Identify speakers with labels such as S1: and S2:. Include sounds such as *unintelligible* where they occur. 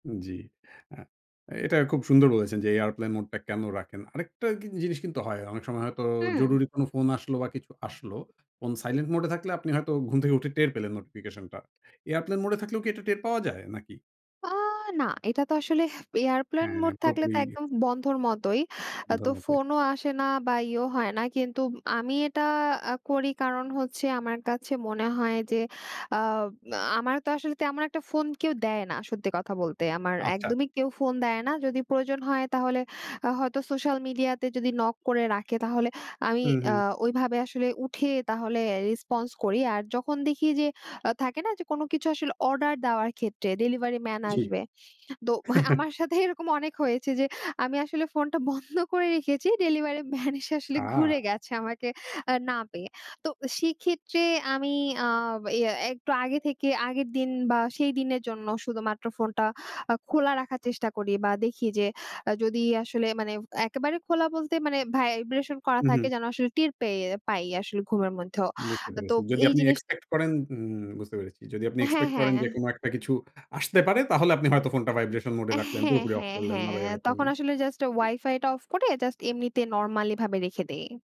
S1: জি, আ এটা খুব সুন্দর বলেছেন যে airplane mode টা কেন রাখেন? আরেকটা কিন জিনিস কিন্তু হয়। অনেক সময় হয়তো
S2: হুম।
S1: জরুরি কোনো ফোন আসলো বা কিছু আসলো, ফোন silent mode এ থাকলে আপনি হয়তো ঘুম থেকে উঠে টের পেলেন নোটিফিকেশনটা। airplane mode এ থাকলেও কি এটা টের পাওয়া যায় নাকি?
S2: আ না, এটা তো আসলে airplane
S1: হ্যাঁ,
S2: mode থাকলে
S1: পুরোপুরি
S2: তো একদম বন্ধর মতোই। আ তো
S1: অন্ধের মতোই।
S2: ফোনও আসে না বা ইয়েও হয় না। কিন্তু আমি এটা আ করি কারণ হচ্ছে আমার কাছে মনে হয় যে আ আমার তো আসলে তেমন একটা ফোন কেউ দেয় না সত্যি কথা বলতে। আমার
S1: আচ্ছা।
S2: একদমই কেউ ফোন দেয় না। যদি প্রয়োজন হয় তাহলে আ হয়তো সোশ্যাল মিডিয়াতে যদি নক করে রাখে তাহলে আমি
S1: হুম,
S2: আ
S1: হুম।
S2: ওইভাবে আসলে উঠে তাহলে আ response করি। আর যখন দেখি যে আ থাকে না যে কোন কিছু আসলে অর্ডার দেওয়ার ক্ষেত্রে ডেলিভারি ম্যান
S1: জি।
S2: আসবে। তো
S1: *chuckles*
S2: আমার সাথে এরকম অনেক হয়েছে যে আমি আসলে ফোনটা বন্ধ করে রেখেছি ডেলিভারি ম্যান এসে আসলে ঘুরে
S1: আহ
S2: গেছে আমাকে আ না পেয়ে। তো সেক্ষেত্রে আমি আ ইয়ে একটু আগে থেকে আগের দিন বা সেই দিনের জন্য শুধুমাত্র ফোনটা আ খোলা রাখার চেষ্টা করি বা দেখি যে যদি আসলে মানে একেবারে খোলা বলতে মানে vibration করা
S1: হুম,
S2: থাকে
S1: হুম।
S2: যেন আসলে টের পেয়ে পাই আসলে ঘুমের মধ্যেও।
S1: বুঝতে
S2: তো তো
S1: পেরেছি। যদি
S2: এই
S1: আপনি
S2: জিনিসটা
S1: expect করেন উম বুঝতে পেরেছি। যদি আপনি
S2: হ্যাঁ,
S1: expect করেন যে
S2: হ্যাঁ।
S1: কোন একটা কিছু আসতে পারে তাহলে আপনি হয়তো ফোনটা vibration mode এ
S2: আ
S1: রাখলেন,
S2: হ্যাঁ,
S1: পুরোপুরি অফ
S2: হ্যাঁ,
S1: করলেন না
S2: হ্যাঁ, তখন
S1: *unintelligible*
S2: আসলে জাস্ট
S1: জি।
S2: ওয়াইফাইটা অফ করে জাস্ট এমনিতে normally ভাবে রেখে দেই।